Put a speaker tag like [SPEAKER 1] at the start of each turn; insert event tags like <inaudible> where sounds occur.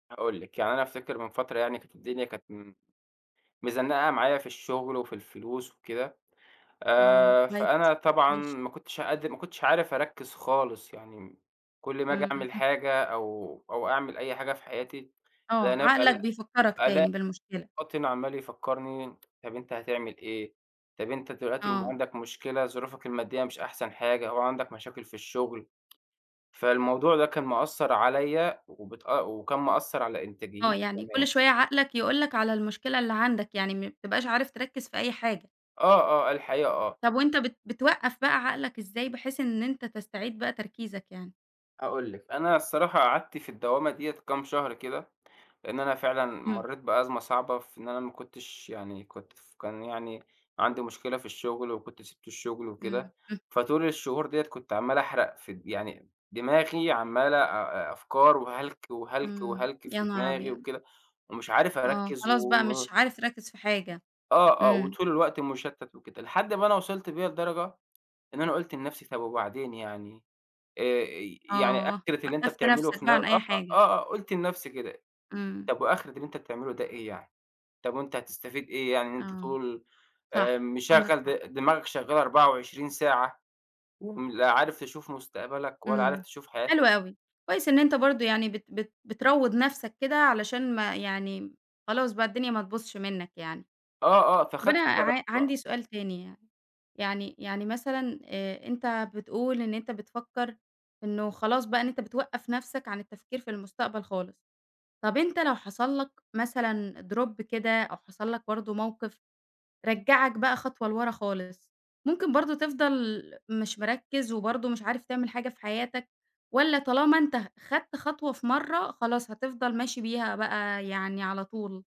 [SPEAKER 1] هاقول لِك، يعني أنا أفتكر من فترة يعني كانت الدنيا كانت م مزنّقة معايا في الشغل وفي الفلوس وكده،
[SPEAKER 2] آه،
[SPEAKER 1] آآ،
[SPEAKER 2] كويس،
[SPEAKER 1] فأنا طبعًا
[SPEAKER 2] ماشي.
[SPEAKER 1] ما كنتش قادر ما كنتش عارف أركّز خالص يعني م كل ما آجي
[SPEAKER 2] إمم.
[SPEAKER 1] أعمِل حاجة أو أو أعمِل أي حاجة في حياتي
[SPEAKER 2] آه،
[SPEAKER 1] ألق
[SPEAKER 2] عقلك بيفكّرك
[SPEAKER 1] ألا
[SPEAKER 2] تاني بالمشكلة.
[SPEAKER 1] الباطن عمّال يفكرني طَب أنت هتعمِل إيه؟ طَب أنت دلوقتي
[SPEAKER 2] آه.
[SPEAKER 1] عندك مشكلة ظروفك المادية مش أحسن حاجة، وآه عندك مشاكل في الشغل <tsk> فالموضوع ده كان مأثَّر عليَّ وبتأ وكان مأثر على
[SPEAKER 2] آه
[SPEAKER 1] إنتاجيتي
[SPEAKER 2] يعني كل
[SPEAKER 1] كمان.
[SPEAKER 2] شوية عقلك يقول لك على المشكلة اللي عندك يعني م ما بتبقاش عارف تركز في أي حاجة.
[SPEAKER 1] آه، آه، الحقيقة آه.
[SPEAKER 2] طَب وأنت بت بتوقَف بقى عقلك إزاي، بحيث إن أنت تستعيد بقى تركيزك يعني؟
[SPEAKER 1] هاقول لِك، أنا الصراحة قعدت في الدوامة ديّة كام شهر كده؛ لأن أنا فعلًا
[SPEAKER 2] إمم.
[SPEAKER 1] مرّيت بأزمة صعبة، في إن أنا ما كنتش يعني كنت ف كان يعني عندي مشكلة في الشغل وكنت سِبت الشغل
[SPEAKER 2] إمم،
[SPEAKER 1] وكده،
[SPEAKER 2] إمم.
[SPEAKER 1] فطول الشهور ديّة كنت عَمّال احرق في د يعني دماغي عمَّالة، آآ، أفكار وهلك وهلك
[SPEAKER 2] إمم،
[SPEAKER 1] وهلك
[SPEAKER 2] يا
[SPEAKER 1] في
[SPEAKER 2] نهار
[SPEAKER 1] دماغي
[SPEAKER 2] أبيض!
[SPEAKER 1] وكده، ومش عارف
[SPEAKER 2] آه،
[SPEAKER 1] أركز و
[SPEAKER 2] خلاص بقى مش
[SPEAKER 1] و
[SPEAKER 2] عارف تركز في حاجة،
[SPEAKER 1] آه، آه،
[SPEAKER 2] إمم.
[SPEAKER 1] وطول الوقت مشتت وكده لحد ما أنا وصلت بيها لدرجة، إن أنا قُلت لنفسي طَب وبعدين يعني؟! آآ، يعني
[SPEAKER 2] آه،
[SPEAKER 1] آخرة اللي أنت
[SPEAKER 2] وقّفت
[SPEAKER 1] بتعمله
[SPEAKER 2] نفسك
[SPEAKER 1] في نف
[SPEAKER 2] بقى عن أي
[SPEAKER 1] آه،
[SPEAKER 2] حاجة.
[SPEAKER 1] آه، قُلت لنفسي كده،
[SPEAKER 2] إمم.
[SPEAKER 1] طَب وآخرة اللي أنت بتعمله ده إيه يعني؟! طَب وأنت هتستفيد إيه يعني إن أنت
[SPEAKER 2] آه،
[SPEAKER 1] طول، آآ،
[SPEAKER 2] صح، عندك
[SPEAKER 1] مشغّل
[SPEAKER 2] حق.
[SPEAKER 1] د دماغك شغالة 24 ساعة و م لا عارف تشوف مستقبلك ولا عارف
[SPEAKER 2] إمم،
[SPEAKER 1] تشوف
[SPEAKER 2] حلو
[SPEAKER 1] حياتك!
[SPEAKER 2] أوي، كويس إن أنت برضه يعني بت بت بتروّض نفسك كده؛ علشان ما يعني خلاص بقى الدنيا ما تبوظش منّك يعني.
[SPEAKER 1] آه آه
[SPEAKER 2] طَب أنا
[SPEAKER 1] فاخدت قرار
[SPEAKER 2] ع عندي
[SPEAKER 1] بقى.
[SPEAKER 2] سؤال تاني يعني يعني يعني مثلًا، آآ، أنت بتقُول إن أنت بتفكر إنه خلاص بقى إن أنت بتوقّف نفْسَك عن التفكير في المستقبل خالص، طَب أنت لو حصل لك مثلًا Drop كده أو حصل لك برضه موقِف رجعك بقى خطوة لورا خالص ممكن برضه تِفْضل مش مركِّز وبرضه مش عارف تعمِل حاجة في حياتك والّا طالما أنت خدت خطوة في مرة، خلاص هتفضل ماشي بيها بقى يعني على طول؟